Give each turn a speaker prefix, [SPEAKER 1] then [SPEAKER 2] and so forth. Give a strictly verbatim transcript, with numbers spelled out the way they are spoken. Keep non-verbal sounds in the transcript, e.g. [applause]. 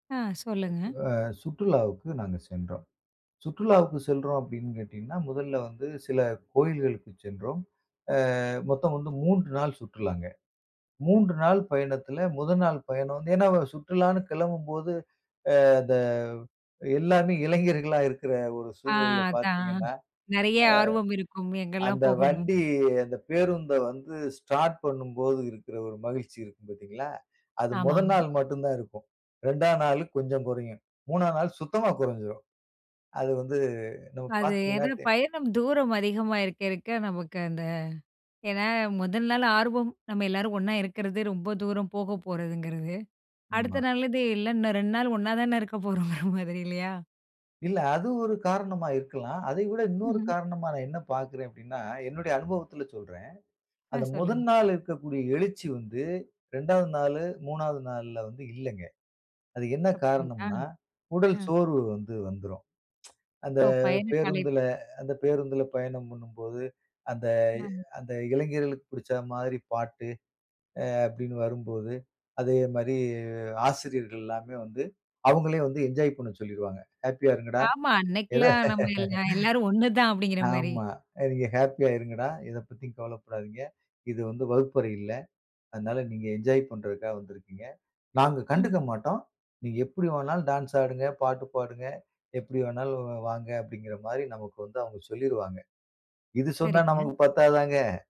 [SPEAKER 1] ஆ சொல்லுங்க.
[SPEAKER 2] அ சுற்றுலாவுக்கு நாங்க சென்றோம். சுற்றுலாவுக்கு செல்றோம் அப்டின்னு கேட்டீங்கன்னா, முதல்ல வந்து சில கோயில்களுக்கு சென்றோம். அ மொத்தம் வந்து மூன்று நாள் சுற்றுலாங்க. மூன்று நாள் பயணத்தில, முதல் நாள் பயணம் வந்து ஏன்னா சுற்றுலான்னு கிளம்பும்போது அ அந்த எல்லாமே இளைஞர்களா இருக்கிற ஒரு
[SPEAKER 1] ஆ
[SPEAKER 2] சூழ்நிலையில
[SPEAKER 1] அதான்.
[SPEAKER 2] பாத்தீங்கன்னா, அ
[SPEAKER 1] நெறைய ஆர்வம் இருக்கும்! எங்கலாம்
[SPEAKER 2] அந்த
[SPEAKER 1] போகணும்!?
[SPEAKER 2] வண்டி அந்த பேருந்த வந்து ஸ்டார்ட் பண்ணும்போது இருக்கிற ஒரு மகிழ்ச்சி இருக்கும் பாத்தீங்களா? அது மொத
[SPEAKER 1] ஆமாமா.
[SPEAKER 2] நாள் மட்டும் தான் இருக்கும். ரெண்டாம் நாளு கொஞ்சம் குறையும். மூணாம் நாள் சுத்தமா கொறஞ்சிரும். அது வந்து, நம்ம
[SPEAKER 1] அது
[SPEAKER 2] பாத்தீங்கன்னா
[SPEAKER 1] ஏன்னா,
[SPEAKER 2] தெ
[SPEAKER 1] பயணம் தூரம் அதிகமா இருக்க இருக்க, நமக்கு அந்த ஏன்னா, முதல் நாள் ஆர்வம் நம்ம எல்லாரும் ஒண்ணா இருக்கிறது, ரொம்ப தூரம் போக போறதுங்கிறது. அடுத்த
[SPEAKER 2] ஆமா.
[SPEAKER 1] நாள்லருந்து, எல்லாம் இன்னும் ரெண்டு நாள் ஒண்ணா தானே இருக்க போறோங்கிற மாதிரி இல்லையா?
[SPEAKER 2] இல்ல அது ஒரு காரணமா இருக்கலாம். அதை விட இன்னொரு
[SPEAKER 1] ம்ஹம்.
[SPEAKER 2] காரணமா நான் என்ன பாக்கிறேன் அப்படின்னா, என்னுடைய அனுபவத்தில சொல்றேன்.
[SPEAKER 1] ஆ
[SPEAKER 2] அந்த
[SPEAKER 1] சொல்லுங்க.
[SPEAKER 2] முதல் நாள் இருக்கக்கூடிய எழுச்சி வந்து, ரெண்டாவது நாளு, மூணாவது நாள்ல வந்து இல்லங்க. அது என்ன
[SPEAKER 1] அப்படிங்களா?
[SPEAKER 2] காரணம்ன்னா, உடல்
[SPEAKER 1] ம்.
[SPEAKER 2] சோர்வு வந்து வந்துரும். [tsk] அந்த
[SPEAKER 1] ஓ பயண கலைப்
[SPEAKER 2] பேருந்துல அந்த பேருந்துல பயணம் பண்ணும்போது, அந்த
[SPEAKER 1] ஆமா.
[SPEAKER 2] அந்த இளைஞர்களுக்கு புடிச்சா மாதிரி பாட்டு அ அப்டின்னு வரும்போது, அதே மாரி ஆசிரியர்கள் எல்லாமே வந்து அவுங்களே வந்து என்ஜாய் பண்ண சொல்லிருவாங்க. "ஹேப்பியா இருங்கடா."
[SPEAKER 1] ஆமா
[SPEAKER 2] எத?
[SPEAKER 1] அன்னைக்குலாம் நம்ம எல் நா எல்லாரும் ஒண்ணு தான்
[SPEAKER 2] [laughs]
[SPEAKER 1] அப்படிங்கிற மாரி,
[SPEAKER 2] ஆமா, அ "நீங்க ஹேப்பியா இருங்கடா. எத பத்தியும் கவலைப்படாதீங்க. இது வந்து வகுப்பறை இல்ல. அதனால நீங்க என்ஜாய் பண்ணுறதுக்காக வந்திருக்கீங்க. நாங்க கண்டுக்க
[SPEAKER 1] ம்.
[SPEAKER 2] மாட்டோம். நீங்க எப்டி வேணாலும் டான்ஸ் ஆடுங்க, பாட்டு பாடுங்க, எப்டி வேணாலும் வ் வாங்க!" அப்டிங்குற மாரி நமக்கு வந்து அவுங்க சொல்லிருவாங்க. இது சொன்னா
[SPEAKER 1] சரிங்க.
[SPEAKER 2] நமக்கு பத்தாதாங்க?